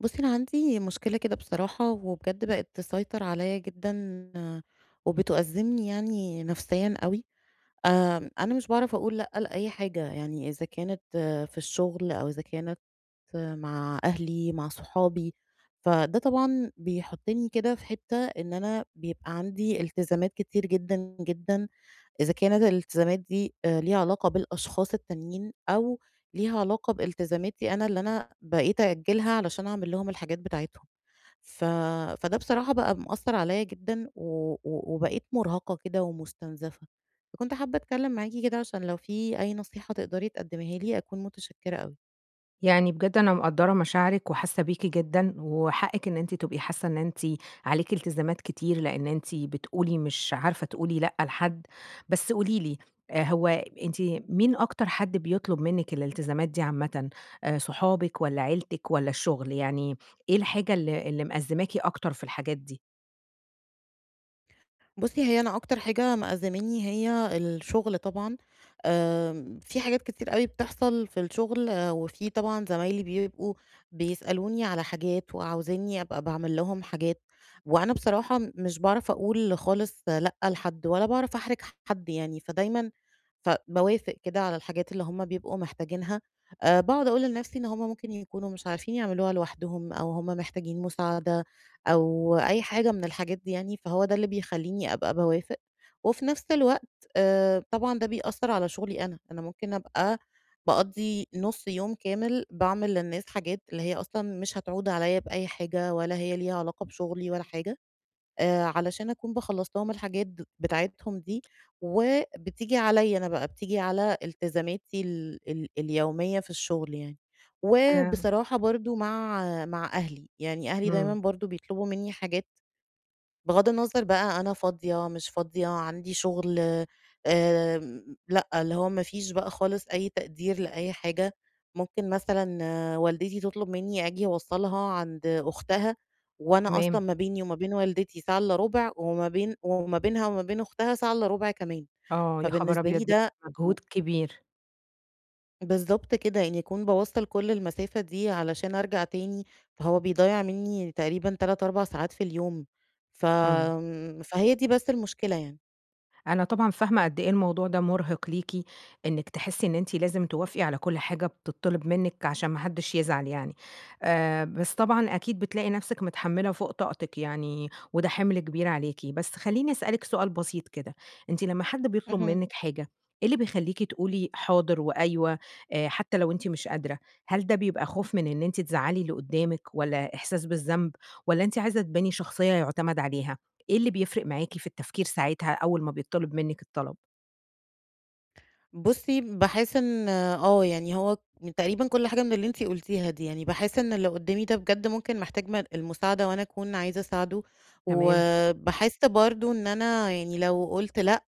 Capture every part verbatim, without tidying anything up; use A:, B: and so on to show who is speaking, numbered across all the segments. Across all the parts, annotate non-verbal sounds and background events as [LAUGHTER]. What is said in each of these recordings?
A: بُصّي، أنا عندي مشكلة كده بصراحة، وبجد بقِت تسيطر عليَّا جدًا وبتأزِّمني يعني نفسيًا أوي. آآ، أنا مش باعرف أقول لأ لأي حاجة، يعني إذا كانت في الشغل، أو إذا كانت مع أهلي، مع صحابي. فده طبعًا بيحطني كده في حتّة إن أنا بيبقى عندي التزامات كتير جدًا، جدًا، إذا كانت الالتزامات دي ليها علاقة بالأشخاص التانيين، أو ليها علاقة بالتزاماتي أنا اللي أنا بقيت أأجلها علشان أعمل لهم الحاجات بتاعتهم. ف فده بصراحة بقى مأثر عليَّا جدًا، و و وبقيت مرهقة كده ومستنزفة. فكنت حابة أتكلم معاكِ كده، عشان لو في أي نصيحة تقدّري تقدّميها لي، أكون متشكرة أوي.
B: يعني بجد أنا مقدّرة مشاعرِك وحاسة بيكِ جدًا، وحقِك إن أنتِ تبقي حاسة إن أنتِ عليكِ إلتزامات كتير، لأن أنتِ بتقولي مش عارفة تقولي لأ لحد، بس قولي لي هو أنتِ مين أكتر حد بيطُلب منِك الإلتزامات دي عامةً صُحابك والّا عيلتِك والّا الشغل؟ يعني إيه الحاجة ال ال مأزماكِ أكتر في الحاجات دي؟
A: بُصي هي أنا أكتر حاجة مأزّماني هي الشغل طبعًا، آآ في حاجات كتير أوي بتحصل في الشغل، وفي طبعًا زمايلي بيبقوا بيسألوني على حاجات، وعاوزينّي أبقى باعمل لهم حاجات، وأنا بصراحة مش باعرف أقول خالص لأ لحد، ولا باعرف أحرج حد يعني، فدايمًا ف باوافق كده على الحاجات اللي هُم بيبقوا محتاجينها. آآ باقعد أقول لنفسي إن هُم ممكن يكونوا مش عارفين يعملوها لوحدهم، أو هُم محتاجين مساعدة، أو أي حاجة من الحاجات دي يعني، فهو ده اللي بيخليني أبقى باوافق، وفي نفس الوقت آآ طبعًا ده بيأثر على شغلي أنا، أنا ممكن أبقى باقضي نص يوم كامل باعمل للناس حاجات اللي هي أصلًا مش هتعود عليّا بأي حاجة، ولا هي ليها علاقة بشغلي ولا حاجة. آآ علشان أكون باخلص لهم الحاجات بتاعتهم دي، وبتيجي عليّا أنا بقى بتيجي على التزاماتي ال ال اليومية في الشغل يعني.
B: [UNINTELLIGIBLE]
A: وبصراحة برضه مع مع أهلي؛ يعني أهلي دايمًا
B: إمم.
A: برضه بيطلبوا مني حاجات بغض النظر بقى أنا فاضية مش فاضية عندي شغل آآ لأ، اللي هو ما فيش بقى خالص أي تقدير لأي حاجة ممكن مثلًا والدتي تطلب مني آجي أوصلها عند أختها، وأنا
B: تمام.
A: أصلًا ما بيني وما بين والدتي ساعة إلا ربع، وما بين وما بينها وما بين أختها ساعة إلا ربع كمان،
B: آه يا خبر
A: فبالنسبة لي
B: أبيض! [UNINTELLIGIBLE]
A: ده و
B: مجهود كبير.
A: بالضبط كده إنّي أكون باوَّصل كل المسافة دي علشان أرجع تاني، فهو بيضيَّع مني تقريبًا تلات أربع ساعات في اليوم،
B: إمم.
A: فآمم، فهي دي بس المشكلة يعني.
B: أنا طبعًا فاهمة قد إيه الموضوع ده مرهِق ليكِ، إنِّك تحسّي إن أنتِ لازم توافقي على كل حاجة بتطّلِب منِّك؛ عشان ما حدّش يزعل يعني. آآ بس طبعًا أكيد بتلاقي نفسِك متحمّلة فوق طاقتِك يعني، وده حِمل كبير عليكِ. بس خلّيني أسألِك سؤال بسيط كده أنتِ لمّا حد بيطلب
A: اهم.
B: منِّك حاجة، إيه اللي بيخليكِ تقولي حاضر وأيوه، آآ حتى لو أنتِ مش قادرة؟ هل ده بيبقى خوف من إن أنتِ تزَعّلي اللي قدّامِك؟ والَّا إحساس بالذنب؟ والَّا أنتِ عايزة تباني شخصية يعتمد عليها؟ إيه اللي بيفرق معاكِ في التفكير ساعتها أول ما بيتطلب منِّك الطلب؟
A: بُصي باحس إن آه يعني هو من تقريبًا كل حاجة من اللي أنتِ قلتيها دي يعني، باحس إن اللي قدامي ده بجد ممكن محتاج م المساعدة، وأنا أكون عايزة أساعده،
B: تمام.
A: وباحس برضه إن أنا يعني لو قلت لأ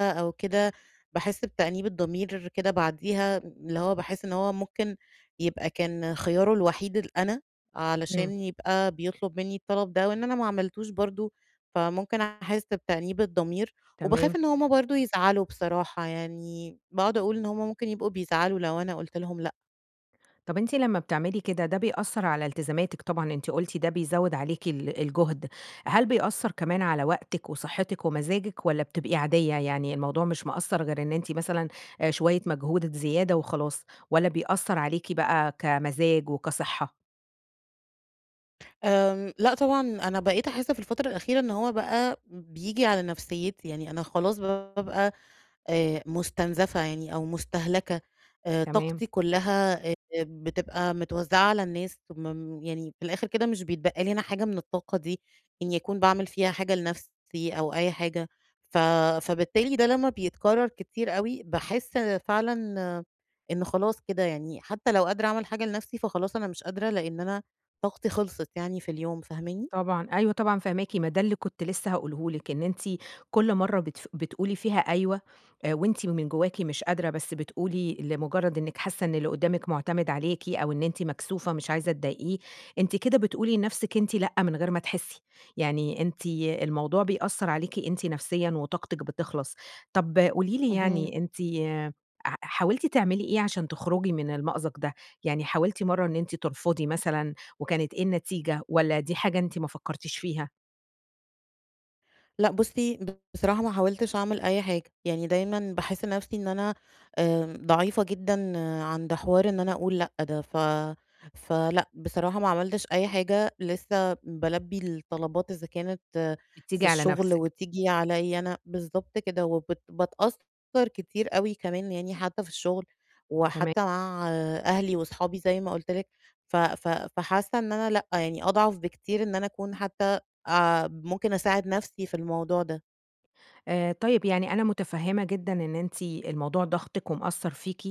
A: أو كده، باحس بتأنيب الضمير كده بعديها، اللي هو باحس إن هو ممكن يبقى كان خياره الوحيد ال أنا علشان
B: إمم.
A: يبقى بيطلب مني الطلب ده، وإن أنا ما عملتوش برضه، فممكن أحس بتأنيب الضمير، وباخاف
B: تمام.
A: إن هُم برضه يزعلوا بصراحة يعني، باقعد أقول إن هُم ممكن يبقوا بيزعلوا لو أنا قلت لهم لأ.
B: طب أنتِ لما بتعملي كده ده بيأثر على التزاماتِك طبعًا أنتِ قلتِ ده بيزود عليكِ ال الجهد، هل بيأثر كمان على وقتِك وصحتِك ومزاجِك، والّا بتبقي عادية؟ يعني الموضوع مش مأثر غير إن أنتِ مثلًا آآ شوية مجهود زيادة وخلاص، والّا بيأثر عليكِ بقى كمزاج وكصحة؟
A: آمم لأ طبعًا أنا بقيت أحس في الفترة الأخيرة إن هو بقى بييجي على نفسيّتي يعني أنا خلاص بابقى آآ مستنزفة يعني أو مستهلكة، آآ
B: تمام.
A: طاقتي كلها آآ بتبقى متوزعة على الناس. ثم م يعني في الآخر كده مش بيتبقى لي أنا حاجة من الطاقة دي إني أكون باعمل فيها حاجة لنَفسي أو أي حاجة، ف فبالتالي ده لما بيتكرر كتير أوي، باحس فعلًا إن خلاص كده يعني. حتى لو قادرة أعمل حاجة لنفسي فخلاص أنا مش قادرة لأن أنا طاقتي خلصت يعني في اليوم. فاهماني؟
B: طبعًا أيوه طبعًا فاهماكِ، ما ده اللي كنت لسه هاقوله لِك إن أنتِ كل مرة بتف بتقولي فيها أيوه آآ وأنتِ من جواكِ مش قادرة بس بتقولي لمجرد إنِك حاسة إن اللي قدامِك معتمد عليكِ أو إن أنتِ مكسوفة مش عايزة تضايقيه أنتِ كده بتقولي لنفسِك أنتِ لأ من غير ما تحسي. يعني أنتِ الموضوع بيأثر عليكِ أنتِ نفسيًا وطاقتِك بتخلص. طب قولي لي
A: اهم.
B: يعني أنتِ ح حاولتِ تعملي إيه عشان تخرجي من المأزق ده يعني حاولتِ مرة إن أنتِ ترفضي مثلًا وكانت إيه النتيجة، والّا دي حاجة أنتِ ما فكرتيش فيها؟
A: لأ بُصي، بصراحة ما حاولتش أعمل أي حاجة. يعني دايمًا باحس نفسي إن أنا آآ ضعيفة جدًا عند حوار إن أنا أقول لأ ده، ف فلأ بصراحة ما عملتش أي حاجة لسّه بَالبِّي الطلبات إذا كانت في
B: بتيجي على
A: الشغل
B: نفسِك.
A: وتيجي عليَّ أنا، بالضبط كده، وبت باتأثر كتير أوي كمان يعني حتى في الشغل،
B: تمام.
A: وحتى مع أهلي وأصحابي زي ما قُلْت لِك ف ف فحاسة إن أنا لأ، يعني أضعف بكتير إن أنا أكون حتى آآ ممكن أساعد نفسي في الموضوع ده.
B: آآ طيب يعني أنا متفهمة جدًا إن أنتِ الموضوع ضاغطِك ومأثّر فيكِ.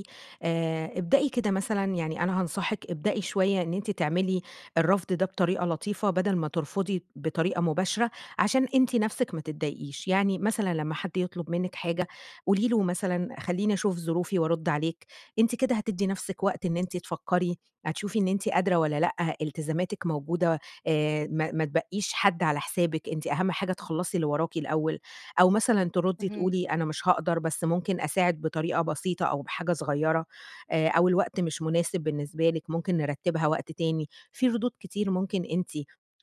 B: آآ ابدئي كده مثلًا يعني أنا هانصحِك ابدئي شوية إن أنتِ تعملي الرفض ده بطريقة لطيفة، بَدَل ما ترفضي بطريقة مباشرة، عشان أنتِ نفسِك ما تضايقيش. يعني مثلًا لمّا حد يطلب منِّك حاجة قولي له مثلًا خلّيني أشوف ظروفي وأرد عليك، أنتِ كده هتّدي نفسِك وقت إن أنتِ تفكري، هتشوفي إن أنتِ قادرة والَّا لأ، إلتزاماتِك موجودة آآ ما ما تبَقِّيش حد على حسابِك، أنتِ أهم حاجة تخلّصي اللي وراكِ الأول. أو مثلًا تردي
A: اهم.
B: تقولي أنا مش هاقدر بس ممكن أساعد بطريقة بسيطة أو بحاجة صغيرة. آآ أو الوقت مش مناسب بالنسبة لِك ممكن نرتِّبها وقت تاني. في ردود كتير ممكن أنتِ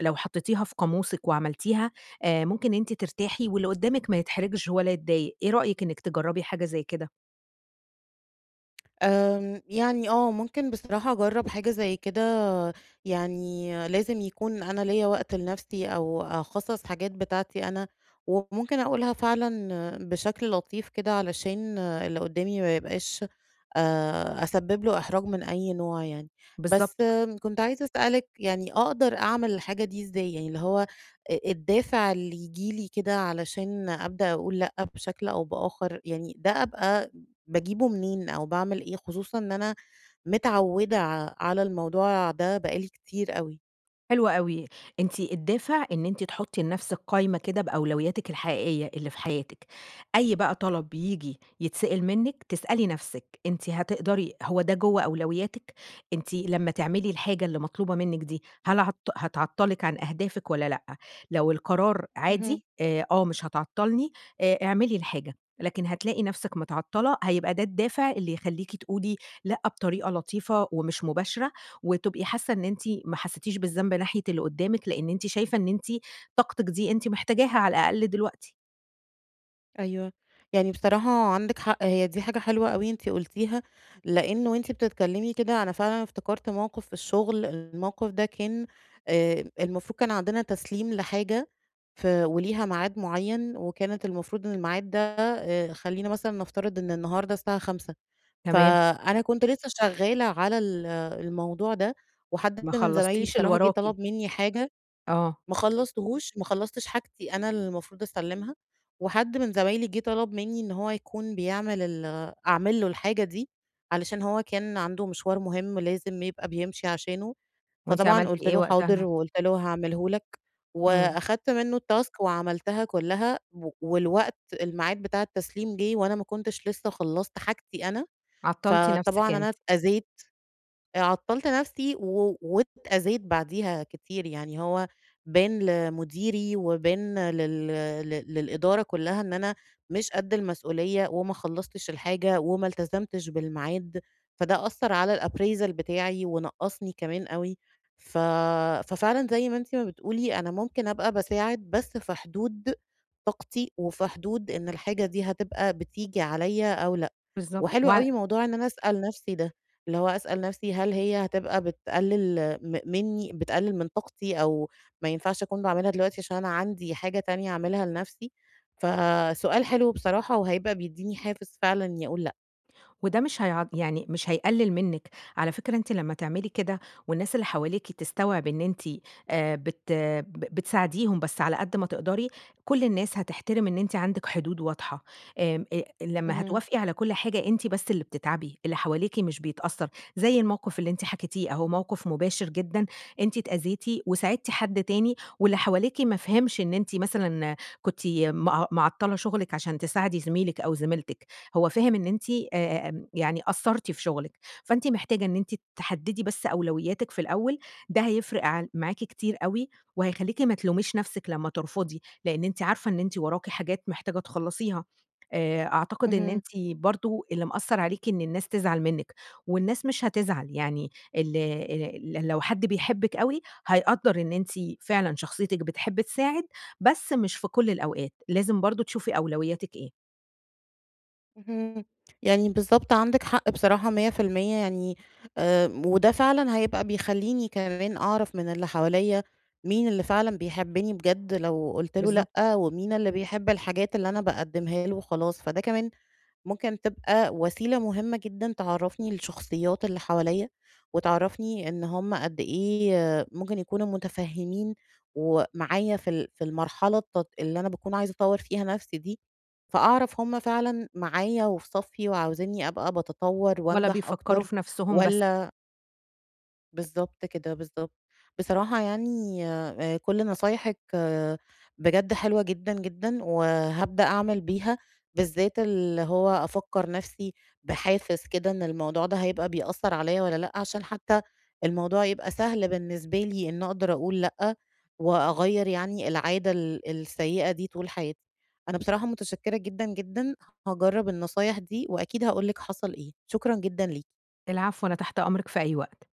B: لو حَطِّيتيها في قاموسِك وعملتيها، آآ ممكن أنتِ ترتاحي واللي قدّامِك ما يتحرجش ولا يتضايق إيه رأيِك إنك تجربي حاجة زي كده؟
A: امم، يعني آه ممكن بصراحة أجرَّب حاجة زي كده، يعني لازم يكون أنا ليَّا وقت لنفسي أو أخصَّص حاجات بتاعتي أنا، وممكن أقولها فعلًا بشكل لطيف كده، علشان اللي قدامي ما يبقاش، آآ أسبب له إحراج من أي نوع يعني. بس
B: بالضبط.
A: كنت عايزة أسألِك يعني، أقدر أعمل الحاجة دي إزاي؟ يعني اللي هو أ الدافع اللي يجيلي كده علشان أبدأ أقول لأ بشكل أو بآخر، يعني ده أبقى باجيبه منين، أو باعمل إيه؟ خصوصًا إن أنا متعودة ع على الموضوع ده بقى لي كتير أوي.
B: حلو أوي، أنتِ الدافع إن أنتِ تحطي لنفسِك قايمة كده بأولوياتِك الحقيقية اللي في حياتِك. أي بقى طلب ييجي يتسأِل منِّك، تسألي نفسِك أنتِ هتقدري، هو ده جوّه أولوياتِك، أنتِ لمَّا تعملي الحاجة اللي مطلوبة منِّك دي هل هت هتعطَّلِك عن أهدافِك والّا لأ؟ لو القرار
A: اهم.
B: عادي، آآ، آه مش هتعطَّلني آآ اعملي الحاجة، لكن هتلاقي نفسِك متعطَّلة هيبقى ده الدافع اللي يخليكِ تقولي لأ بطريقة لطيفة ومش مباشرة، وتبقي حاسة إن أنتِ ما حسيتيش بالذنب ناحية اللي قدامِك، لأن أنتِ شايفة إن أنتِ طاقتِك دي أنتِ محتاجاها على الأقل دلوقتي.
A: أيوه. يعني بصراحة عندِك حق. هي دي حاجة حلوة أوي أنتِ قلتيها، لأنّ وأنتِ بتتكلّمي كده، أنا فعلًا افتكرت موقف في الشغل. الموقف ده كان آآ، المفروض كان عندنا تسليم لحاجة ف وليها ميعاد مُعيّن، وكانت المفروض إن الميعاد ده آآ خلّينا مثلًا نفترض إن النهارده الساعة خمسة،
B: تمام.
A: فأنا كنت لسّه شغّالة على ال الموضوع ده، وحد
B: ما
A: من زمايلي
B: خلصتيش اللي
A: بصراحة جه
B: وراكِ.
A: طلب مِنّي حاجة.
B: آه.
A: ما خلصتهوش ما خلصتش حاجتي أنا المفروض أسلمها، وحد من زمايلي جه طلب مِنّي إن هو يكون بيعمل ال أعمل له الحاجة دي علشان هو كان عنده مشوار مهم لازم يبقى بيمشي عشانه،
B: وأنتِ
A: فطبعًا
B: عملتِ
A: قلت
B: إيه
A: له حاضر،
B: وقتها؟
A: وقلت له هاعمله لك،
B: امم.
A: وأخدت منّه التاسك وعملتها كلّها و والوقت الميعاد بتاع التسليم جه وأنا ما كنتش لسّه خلصت حاجتي أنا
B: عطَّلتِ نفسِك
A: فطبعًا
B: أنتِ.
A: أنا أتأذيت. آآ عطّلت نفسي و وأتأذيت بعديها كتير يعني هو بان لمديري وبان لل ل للإدارة كلّها إن أنا مش قد المسؤوليّة، وما خلصتش الحاجة، وما التزمتش بالميعاد، فده أثر على الappraisal بتاعي، ونقصني كمان أوي. ف ففعلًا زي ما أنتِ ما بتقولي أنا ممكن أبقى باساعد بس في حدود طاقتي، وفي حدود إن الحاجة دي هتبقى بتيجي عليَّ أو لأ،
B: بالضبط
A: وحلو
B: وع
A: أوي موضوع إن أنا أسأل نفسي ده، اللي هو أسأل نفسي هل هي هتبقى بتقلل م مِنّي، بتقلل من طاقتي، أو ما ينفعش أكون باعملها دلوقتي عشان أنا عندي حاجة تانية أعملها لنفسي، فسؤال حلو بصراحة وهيبقى بيديني حافز فعلًا إنّي أقول لأ.
B: وده مش هيع يعني مش هيقلِّل منِّك، على فكرة أنتِ لمّا تعملي كده، والناس اللي حواليكِ تستوعب إن أنتِ آآ، بت ب بتساعديهم بس على قد ما تقدري، كُلّ الناس هتحترم إن أنتِ عندِك حدود واضحة آآ آآ، لمّا
A: اهم.
B: هتوافقي على كُلّ حاجة أنتِ بس اللي بتتعبي، اللي حواليكِ مش بيتأثّر، زي الموقف اللي أنتِ حكيتيه أهو، موقف مباشر جدًا، أنتِ اتأذيتِ، وساعدتِ حد تاني واللي حواليكِ ما فهمش إن أنتِ مثلًا كنتِ م معطّلة شغلِك علشان تساعدي زميلِك أو زميلتِك، هو فاهم إن أنتِ آآ، يعني قصّرتِ في شغلِك، فأنتِ محتاجة إن أنتِ تحدِّدي بس أولوياتِك في الأول، ده هيفرق عل معاكِ كتير أوي، وهيخليكِ ما تلوميش نفسِك لمّا ترفضي، لأن أنتِ عارفة إن أنتِ وراكِ حاجات محتاجة تخلصيها، آآ، أعتقد إن
A: اهم.
B: أنتِ برضه اللي مأثّر عليكِ إن الناس تزعل منِّك، والناس مش هتزعل، يعني ال آآ، لو حد بيحبّك أوي، هيقدّر إن أنتِ فعلًا شخصيتِك بتحب تساعد، بس مش في كُلّ الأوقات، لازم برضه تشوفي أولوياتِك إيه.
A: اهم، يعني بالضبط عندِك حق بصراحة مِيَّة في المِيَّة يعني آآ، وده فعلًا هيبقى بيخليني كمان أعرف من اللي حواليّا مين اللي فعلًا بيحبني بجد لو قُلت له
B: بالضبط.
A: لأ، ومين اللي بيحب الحاجات اللي أنا باقدّمها له وخلاص، فده كمان ممكن تبقى وسيلة مهمة جدًا تعرّفني الشخصيات اللي حواليّا، وتعرّفني إن هم قد إيه ممكن يكونوا متفهّمين ومعايا في ال في المرحلة الت اللي أنا باكون عايزة أطوَّر فيها نفسي دي، فأعرف هم فعلًا معايا وفي صفّي وعاوزينّي أبقى باتطوَّر
B: ولا
A: وأنجح
B: بيفكّروا
A: أكتر
B: في نفسهم بس.
A: والَّا بالضبط كده، بالضبط. بصراحة يعني آآ كُلّ نصايحِك بجد حلوة جدًا، جدًا، وهابدأ أعمل بيها، بالذات اللي هو أفكّر نفسي بحافز كده إن الموضوع ده هيبقى بيأثّر عليَّ والَّا لأ، عشان حتى الموضوع يبقى سهل بالنسبة لي، إن أقدر أقول لأ وأغيّر يعني العادة ال السيئة دي طول حياتي. أنا بصراحة متشكرة جدًا، جدًا. هاجرَّب النصايح دي، وأكيد هاقول لِك حصل إيه، شكرًا جدًا ليكِ.
B: العفو، أنا تحت أمرِك في أي وقت.